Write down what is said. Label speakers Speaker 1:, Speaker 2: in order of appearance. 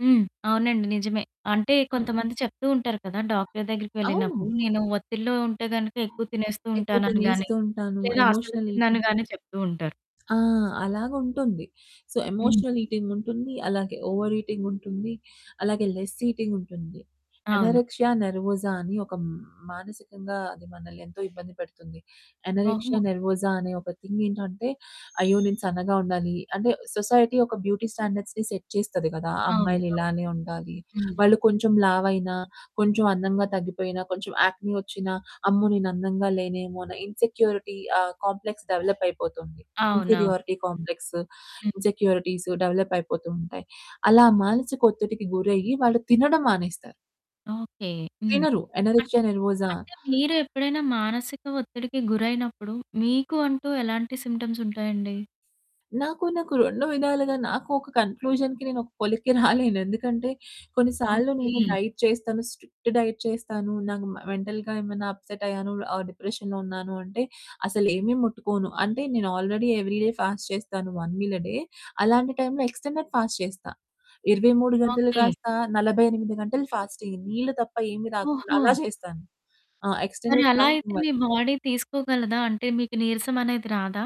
Speaker 1: హ్మ్. అవునండి నిజమే. అంటే కొంతమంది చెప్తూ ఉంటారు కదా! డాక్టరు దగ్గరికి
Speaker 2: అవును.
Speaker 1: వెళ్ళినప్పుడు, నేను ఒత్తిడిలో ఉంటే గనుక
Speaker 2: ఆ!
Speaker 1: ఎక్కువ తినేస్తూ
Speaker 2: ఎక్కువ
Speaker 1: ఉంటాననుగాని.
Speaker 2: తినేస్తూ ఉంటాను.
Speaker 1: లేదా అసలు
Speaker 2: ఎమోషనల్ ఈటింగ్
Speaker 1: తినననిగానే చెప్తూ ఉంటారు.
Speaker 2: ఆ! అలాగా ఉంటుంది. సో,
Speaker 1: హ్మ్.
Speaker 2: ఎమోషనల్ ఈటింగుంటుంది. అలాగే ఓవర్ ఈటింగుంటుంది. అలాగే లెస్ ఈటింగుంటుంది.
Speaker 1: అవును.
Speaker 2: ఎనోరెక్సియా నెర్వోసా అని ఒక హ్మ్, మానసికంగా అది మనల్ని ఎంతో ఇబ్బంది పెడుతుంది. ఎనోరెక్సియా
Speaker 1: ఓహో!
Speaker 2: నెర్వోసా అనే ఒక థింగ్ ఏంటంటే "అయ్యో! నేను సన్నగా ఉండాలి." అంటే సొసైటీ ఒక బ్యూటీ స్టాండర్డ్స్‌ని సెట్ చేస్తది కదా!
Speaker 1: అవును.
Speaker 2: అమ్మాయిలు
Speaker 1: అవును.
Speaker 2: ఇలానే ఉండాలి.
Speaker 1: హ్మ్.
Speaker 2: వాళ్ళు కొంచెం లావైనా, కొంచెం అందంగా తగ్గిపోయినా, కొంచెం యాక్నీ వచ్చినా అమ్మో! నేను అందంగా లేనేమో అన్న ఇన్‌సెక్యూరిటీ ఆ కాంప్లెక్స్ డెవలప్ అయిపోతుంది.
Speaker 1: అవునవును.
Speaker 2: ఇన్‌ఫీరియారిటీ కాంప్లెక్స్,
Speaker 1: హ్మ్.
Speaker 2: ఇన్‌సెక్యూరిటీస్ డెవలప్ అయిపోతూ ఉంటాయి. అలా మానసిక ఒత్తిడికి గురయ్యి వాళ్ళు తినడం మానేస్తారు.
Speaker 1: ఓకే. హ్మ్.
Speaker 2: తినరు.
Speaker 1: అన్
Speaker 2: అనొరెక్సియా నెర్వోజా
Speaker 1: అంటే మీరు ఎప్పుడైనా మానసిక ఒత్తిడికి గురైనప్పుడు మీకు అంటూ ఎలాంటి సింప్టమ్స్ ఉంటాయండి?
Speaker 2: నాకు నాకు 2 విధాలుగా, నాకూ ఒక కన్‌క్లూజన్‌కి నేనొక పొలిక్కి రాలేను. ఎందుకంటే కొన్నిసార్లు నేను
Speaker 1: ఓకే.
Speaker 2: డైట్ చేస్తాను. స్ట్రిక్ట్ డైట్ చేస్తాను. నాకు మ మెంటల్‌గా ఏమన్నా అప్సెట్ అయ్యాను, ఆహ్, డిప్రెషన్‌లో ఉన్నాను అంటే అసలేమీ ముట్టుకోను. అంటే నేను ఆల్రెడీ ఎవ్రీ డే ఫాస్ట్ చేస్తాను. 1 మీల్ ఎ డే. అలాంటి టైమ్‌లో ఎక్స్‌టెండెడ్ ఫాస్ట్ చేస్తా. 23 గంటలు,
Speaker 1: ఓకే.
Speaker 2: కాస్త 48 గంటలు ఫాస్ట్ అయ్యి నీళ్ళు తప్ప ఏమి తాగకుండా
Speaker 1: ఓహో!
Speaker 2: అలా చేస్తాను. ఆ!
Speaker 1: మరి
Speaker 2: ఎక్స్‌టెండెడ్
Speaker 1: అలా అయితే
Speaker 2: ఫాస్టింగ్ వద్
Speaker 1: మీ బాడీ తీసుకోగలదా? అంటే మీకు నీరసం అనేది రాదా?